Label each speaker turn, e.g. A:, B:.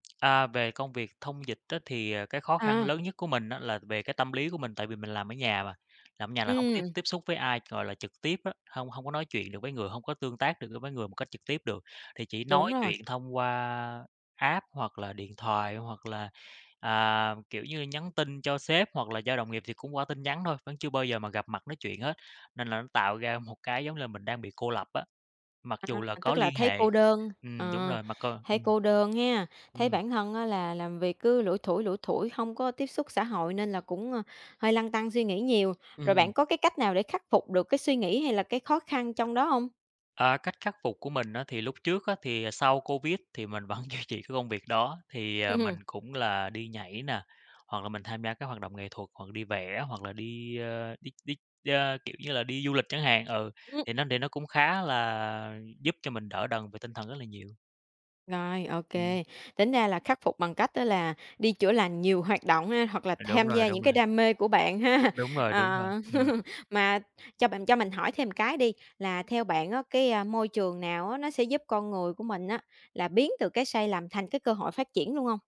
A: À, về công việc thông dịch á thì, à, cái khó khăn
B: À.
A: lớn nhất của mình á là về cái tâm lý của mình, tại vì mình làm ở nhà mà, làm ở nhà là hổng có tiếp
B: Ừm.
A: tiếp xúc với ai, gọi là, trực tiếp á, hông hông có nói chuyện được với người, hông có tương tác được, ơ, với người một cách trực tiếp được. Thì chỉ
B: Đúng
A: nói
B: rồi.
A: chuyện thông qua app, hoặc là điện thoại, hoặc là, à, kiểu như, nhắn tin cho sếp hoặc là do đồng nghiệp thì cũng qua tin nhắn thôi, vẫn chưa bao giờ mà gặp mặt nói chuyện hết. Nên là nó tạo ra một cái, giống là, mình đang bị cô lập á, mặc dù
B: À,
A: là có
B: tức là
A: liên
B: thấy cô
A: hệ.
B: đơn,
A: Ừm, đúng
B: ờ,
A: rồi, mà còn
B: thấy
A: ừm.
B: cô đơn hen? Thấy
A: Ừm.
B: bản thân á là làm việc cứ lủi thủi, lủi thủi hông có tiếp xúc xã hội nên là cũng, a, hơi lăn tăn suy nghĩ nhiều. Rồi,
A: Ừm.
B: bạn có cái cách nào để khắc phục được cái suy nghĩ hay là cái khó khăn trong đó hông?
A: À, cách khắc phục của mình á thì lúc trước á, thì, à, sau Covid thì mình vẫn duy trì cái công việc đó. Thì, ờ, mình cũng là đi nhảy nè, hoặc là mình tham gia các hoạt động nghệ thuật, hoặc là đi vẽ hoặc là đi, ờ, đi đi, ơ, kiểu như là, đi du lịch chẳng hạn. Ừ,
B: Ừm.
A: thì nó để nó cũng khá là giúp cho mình đỡ đần về tinh thần rất là nhiều.
B: Rồi, ô
A: Ừm.
B: kê, tính ra là khắc phục bằng cách á là đi chữa lành nhiều hoạt động ha? Hoặc là
A: Ừ, đúng
B: tham
A: rồi,
B: gia những
A: đúng rồi.
B: cái đam mê của bạn ha?
A: Đúng rồi, đúng rồi,
B: Ờ.
A: ừm.
B: Mà cho bạn cho mình hỏi thêm cái đi, là theo bạn á, cái, a, môi trường nào á nó sẽ giúp con người của mình á, là biến từ cái sai lầm thành cái cơ hội phát triển luôn hông?